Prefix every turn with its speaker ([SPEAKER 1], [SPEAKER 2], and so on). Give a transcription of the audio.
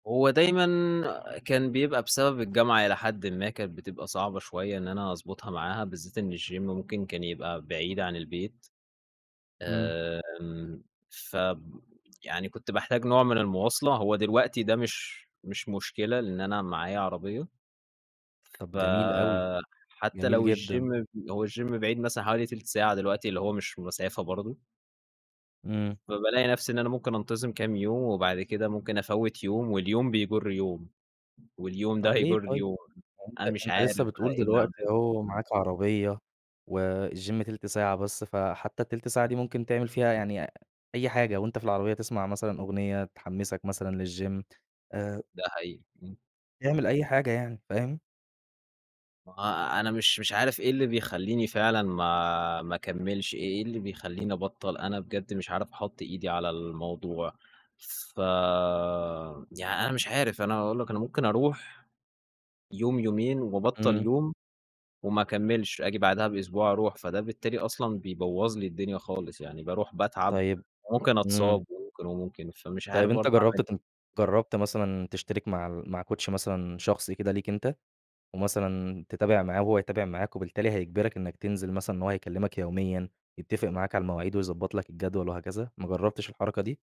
[SPEAKER 1] هو دايمًا كان بيبقى بسبب الجامعة إلى حدٍّ ما، كانت بتبقى صعبة شوية إن أنا أضبطها معاها بالذات إن الGYM ممكن كان يبقى بعيد عن البيت.
[SPEAKER 2] إمم.
[SPEAKER 1] آمم، فب يعني كنت باحتاج نوع من المواصلة هو دلوقتي ده مش مش مشكلة لأن أنا معايّا عربية،
[SPEAKER 2] طب جميل أوي،
[SPEAKER 1] فحتى
[SPEAKER 2] جميل
[SPEAKER 1] لو
[SPEAKER 2] جدًا.
[SPEAKER 1] الGYM هو الGYM بعيد مثلًا حوالي تِلت ساعة دلوقتي اللي هو مش مسافة برضه.
[SPEAKER 2] إمم.
[SPEAKER 1] فبالاقي نفسي إن أنا ممكن أنتظم كام يوم، وبعد كده ممكن أفوِّت يوم واليوم بيجر يوم، واليوم ده
[SPEAKER 2] طَب ليه
[SPEAKER 1] هيجر
[SPEAKER 2] طيب؟
[SPEAKER 1] اليوم.
[SPEAKER 2] ما هو
[SPEAKER 1] أنا
[SPEAKER 2] أنتَ
[SPEAKER 1] مش
[SPEAKER 2] أنتَ
[SPEAKER 1] عارف
[SPEAKER 2] لسه
[SPEAKER 1] بقى
[SPEAKER 2] بتقول
[SPEAKER 1] إيه اللي أعمله،
[SPEAKER 2] دلوقتي أهو
[SPEAKER 1] إمم.
[SPEAKER 2] معاك عربية والGYM تِلت ساعة بس، فحتى التِلت ساعة دي ممكن تعمل فيها يعني أي حاجة وأنتَ في العربية تسمع مثلًا أغنية تحمسك مثلًا للGYM آآ
[SPEAKER 1] ده حقيقي، إمم.
[SPEAKER 2] اعمل أي حاجة يعني، فاهم؟
[SPEAKER 1] ما هو أنا مش مش عارف إيه اللي بيخليني فعلًا ما ما أكملش إيه إيه اللي بيخليني أبطل؟ أنا بجد مش عارف أحط إيدي على الموضوع. فيعني أنا مش عارف، أنا هاقول لك أنا ممكن أروح يوم، يومين وأبطل
[SPEAKER 2] إمم.
[SPEAKER 1] يوم، وما أكملش، آجي بعدها بأسبوع أروح. فده بالتالي أصلًا بيبوظ لي الدنيا خالص، يعني باروح باتعب
[SPEAKER 2] طيب
[SPEAKER 1] وممكن
[SPEAKER 2] إمم.
[SPEAKER 1] أتصاب وممكن، وممكن فمش
[SPEAKER 2] طيب
[SPEAKER 1] عارف
[SPEAKER 2] أنتَ
[SPEAKER 1] برضه
[SPEAKER 2] جربت
[SPEAKER 1] أعمل ايه؟
[SPEAKER 2] ت جربت مثلًا تشترك مع مع كوتش مثلًا شخصي كده ليك أنتَ؟ ومثلًا تتابع معاه وهو يتابع معاك، وبالتالي هيجبرك إنك تنزل مثلًا إن هو هيكلمك يوميًا يتفق معاك على المواعيد ويضبط لك الجدول وهكذا، ما جربتش الحركة دي؟